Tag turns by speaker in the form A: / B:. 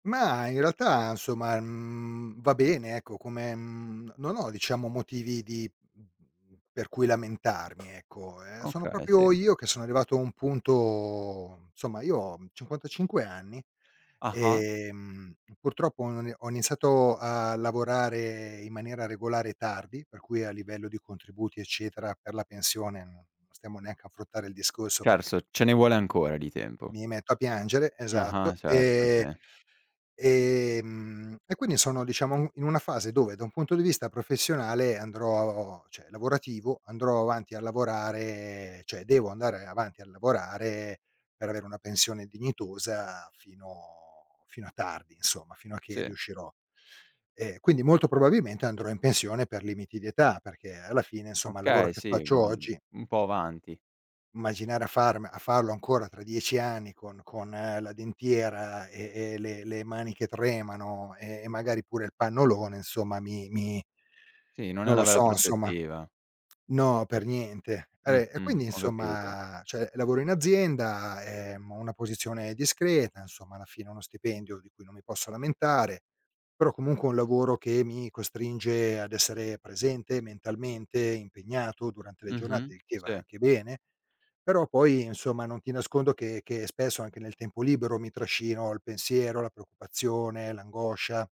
A: Ma, in realtà, insomma, mhmm, va bene, ecco come mhmm, non ho diciamo motivi di mhmm, per cui lamentarmi ecco. Ehm, sono
B: Okay, sì.
A: proprio io che sono arrivato a un punto insomma io ho 55 anni,
B: Ah-ah.
A: ehm, purtroppo ho i ho iniziato a lavorare in maniera regolare tardi, per cui a livello di contributi, eccetera, per la pensione, non non stiamo neanche ad affrontare il discorso perché m
B: Certo ce ne vuole ancora di tempo.
A: mi metto a piangere. Esatto.
B: Ah-ah. Certo.
A: E
B: Sì.
A: e ehm, e quindi sono, diciamo, in una fase dove, da un punto di vista professionale andrò cioè, lavorativo, andrò avanti a lavorare cioè, devo andare avanti a lavorare per avere una pensione dignitosa fino fino a tardi, insomma, fino a che
B: Sì.
A: riuscirò. Ehm, quindi molto probabilmente andrò in pensione per limiti di età, perché alla fine, insomma, il lavoro
B: Okay,
A: che
B: sì, mo
A: faccio
B: mhmm,
A: oggi
B: un po' avanti.
A: immaginare a farme a farlo ancora tra 10 anni con con la dentiera e e le le mani che tremano, e magari pure il pannolone insomma mi mi
B: Sì, non è
A: non lo
B: una bella
A: so, insomma
B: prospettiva.
A: No, per niente. Vabbè, e
B: Mh-mh.
A: quindi,
B: Ho capito.
A: insomma cioè lavoro in azienda, ehm, ho una posizione discreta, insomma, alla fine uno stipendio di cui non mi posso lamentare, però comunque è un lavoro che mi costringe ad essere presente mentalmente, impegnato durante le giornate,
B: Mh-mh
A: il che va
B: Sì.
A: anche bene, però poi, insomma, non ti nascondo che che spesso, anche nel tempo libero, mi trascino il pensiero, la preoccupazione, l'angoscia.